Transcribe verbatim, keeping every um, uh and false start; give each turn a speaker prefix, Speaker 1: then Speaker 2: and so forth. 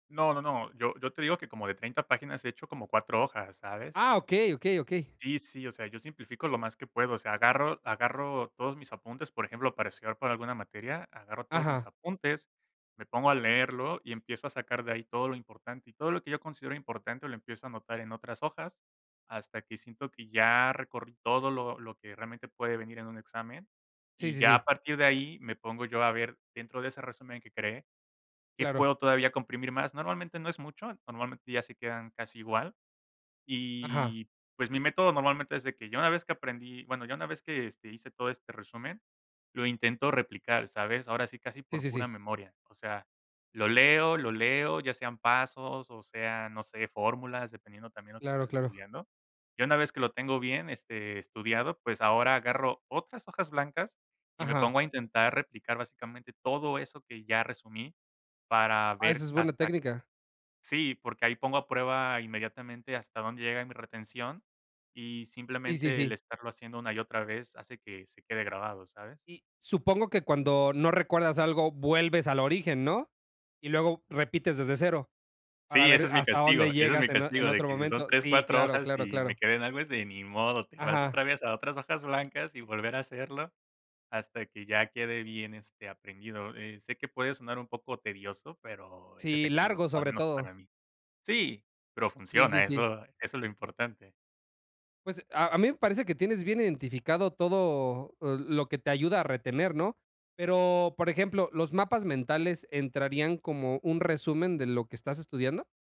Speaker 1: No, no, no. Yo yo te digo que como de treinta páginas he hecho como cuatro hojas, ¿sabes?
Speaker 2: Ah, okey, okey, okey.
Speaker 1: Sí, sí. O sea, yo simplifico lo más que puedo, o sea, agarro agarro todos mis apuntes, por ejemplo, para estudiar para alguna materia, agarro todos mis
Speaker 2: Ajá.
Speaker 1: apuntes, me pongo a leerlo y empiezo a sacar de ahí todo lo importante, y todo lo que yo considero importante lo empiezo a anotar en otras hojas hasta que siento que ya recorrí todo lo lo que realmente puede venir en un examen.
Speaker 2: Sí,
Speaker 1: Y
Speaker 2: sí,
Speaker 1: ya a
Speaker 2: sí.
Speaker 1: partir de ahí me pongo yo a ver dentro de ese resumen que creé qué
Speaker 2: Claro.
Speaker 1: puedo todavía comprimir más. Normalmente no es mucho, normalmente ya se quedan casi igual,
Speaker 2: Ajá.
Speaker 1: y, pues, mi método normalmente es de que ya una vez que aprendí bueno, ya una vez que, este, hice todo este resumen, lo intento replicar, ¿sabes? Ahora sí, casi
Speaker 2: Sí,
Speaker 1: por
Speaker 2: sí,
Speaker 1: pura
Speaker 2: sí.
Speaker 1: memoria. O sea, lo leo, lo leo, ya sean pasos o sean, no sé, fórmulas, dependiendo también lo que
Speaker 2: Claro,
Speaker 1: estés
Speaker 2: claro.
Speaker 1: estudiando. Y una vez que lo tengo bien, este, estudiado, pues, ahora agarro otras hojas blancas y me
Speaker 2: Ajá.
Speaker 1: pongo a intentar replicar básicamente todo eso que ya resumí para
Speaker 2: Ah, esa
Speaker 1: ver
Speaker 2: es buena
Speaker 1: hasta
Speaker 2: técnica.
Speaker 1: sí, porque ahí pongo a prueba inmediatamente hasta dónde llega mi retención y
Speaker 2: Sí, sí,
Speaker 1: simplemente el
Speaker 2: sí.
Speaker 1: estarlo haciendo una y otra vez hace que se quede grabado, ¿sabes?
Speaker 2: Y supongo que cuando no recuerdas algo vuelves al origen, ¿no? Y luego repites desde cero para
Speaker 1: Sí, ese
Speaker 2: ver
Speaker 1: es mi
Speaker 2: hasta dónde
Speaker 1: castigo, ese es mi
Speaker 2: llegas en o en
Speaker 1: castigo, de
Speaker 2: otro
Speaker 1: que si son
Speaker 2: momento.
Speaker 1: tres,
Speaker 2: Sí,
Speaker 1: cuatro
Speaker 2: claro,
Speaker 1: hojas
Speaker 2: claro,
Speaker 1: y me
Speaker 2: claro.
Speaker 1: quedé en algo, es de ni modo, te vas
Speaker 2: Ajá.
Speaker 1: otra vez a otras hojas blancas y volver a hacerlo hasta que ya quede bien, este, aprendido. Eh, sé que puede sonar un poco tedioso, pero es
Speaker 2: Sí,
Speaker 1: efectivo,
Speaker 2: largo
Speaker 1: o, al
Speaker 2: sobre
Speaker 1: menos
Speaker 2: todo.
Speaker 1: para mí sí, pero
Speaker 2: Sí, sí,
Speaker 1: funciona,
Speaker 2: sí.
Speaker 1: eso eso es lo importante.
Speaker 2: Pues, a a mí me parece que tienes bien identificado todo l lo que te ayuda a retener, ¿no? Pero, por ejemplo, ¿los mapas mentales entrarían como un resumen de lo que estás estudiando?